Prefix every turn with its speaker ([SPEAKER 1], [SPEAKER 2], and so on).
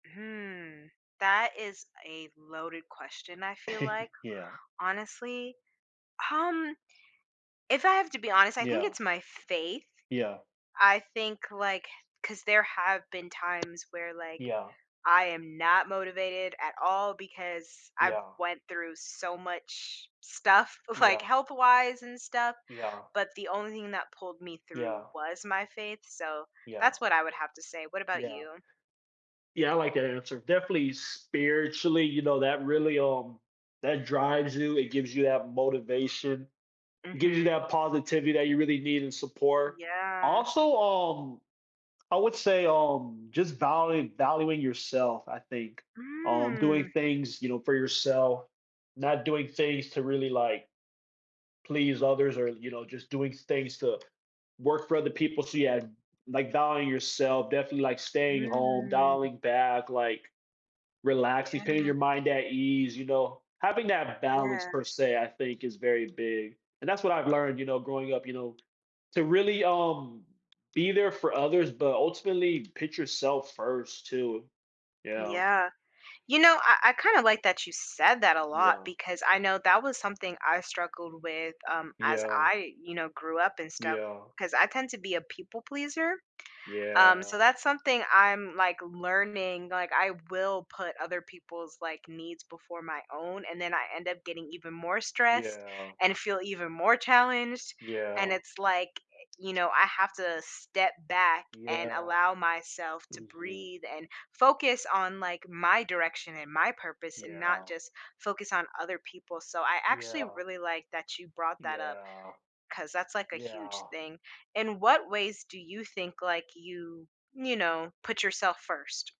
[SPEAKER 1] Hmm, that is a loaded question, I feel like.
[SPEAKER 2] Yeah.
[SPEAKER 1] Honestly, um, if I have to be honest, I think
[SPEAKER 2] Yeah.
[SPEAKER 1] it's my faith.
[SPEAKER 2] Yeah.
[SPEAKER 1] I think, like 'cause there have been times, where, like,
[SPEAKER 2] Yeah.
[SPEAKER 1] I am not motivated at all, because I've
[SPEAKER 2] Yeah.
[SPEAKER 1] went through so much stuff, like,
[SPEAKER 2] Yeah.
[SPEAKER 1] health-wise and stuff,
[SPEAKER 2] Yeah.
[SPEAKER 1] but the only thing that pulled me through
[SPEAKER 2] Yeah.
[SPEAKER 1] was my faith, so,
[SPEAKER 2] Yeah.
[SPEAKER 1] that's what I would have to say. What about
[SPEAKER 2] Yeah.
[SPEAKER 1] you?
[SPEAKER 2] Yeah, I like that answer, definitely spiritually, you know, that really, um that drives you, it gives you that motivation. It gives you
[SPEAKER 1] Mhm.
[SPEAKER 2] that positivity that you really need, and support.
[SPEAKER 1] Yeah.
[SPEAKER 2] Also, um, I would say, um, just value valuing yourself, I think. Um, doing
[SPEAKER 1] Mm.
[SPEAKER 2] things, you know, for yourself, not doing things to really, like, please others, or, you know, just doing s things to work for other people, so yeah like, valuing yourself, definitely, like, staying home,
[SPEAKER 1] Mm.
[SPEAKER 2] dialing back, like, relaxing,
[SPEAKER 1] Yeah.
[SPEAKER 2] putting your mind at ease, you know. Having that balance,
[SPEAKER 1] Yeah.
[SPEAKER 2] per se, I think is very big, and that's what I've learned, you know, growing up, you know, to really, um, be there for others, but ultimately put yourself first too. Yeah.
[SPEAKER 1] Yeah. You know, I I kinda like that you said that a lot,
[SPEAKER 2] Yeah.
[SPEAKER 1] because I know that was something I struggled with, um, as
[SPEAKER 2] Yeah.
[SPEAKER 1] I, you know, grew up and stuff,
[SPEAKER 2] Yeah.
[SPEAKER 1] 'cause I tend to be a people pleaser. Um, so
[SPEAKER 2] Yeah.
[SPEAKER 1] that's something I'm, like, learning like, I will put other people's, like, needs before my own, and then I end up getting even more stressed,
[SPEAKER 2] Yeah.
[SPEAKER 1] and feel even more challenged, and
[SPEAKER 2] Yeah.
[SPEAKER 1] it's, like, eh, you know, I have to step back, and
[SPEAKER 2] Yeah.
[SPEAKER 1] allow myself to
[SPEAKER 2] Mhm.
[SPEAKER 1] breathe, and focus on, like, my direction, and my purpose, and not
[SPEAKER 2] Yeah.
[SPEAKER 1] just focus on other people, so I actually
[SPEAKER 2] Yeah.
[SPEAKER 1] really like that you brought that up,
[SPEAKER 2] Yeah.
[SPEAKER 1] 'cause that's, like, a huge
[SPEAKER 2] Yeah.
[SPEAKER 1] thing. In what ways do you think, like, you, you know, put yourself first?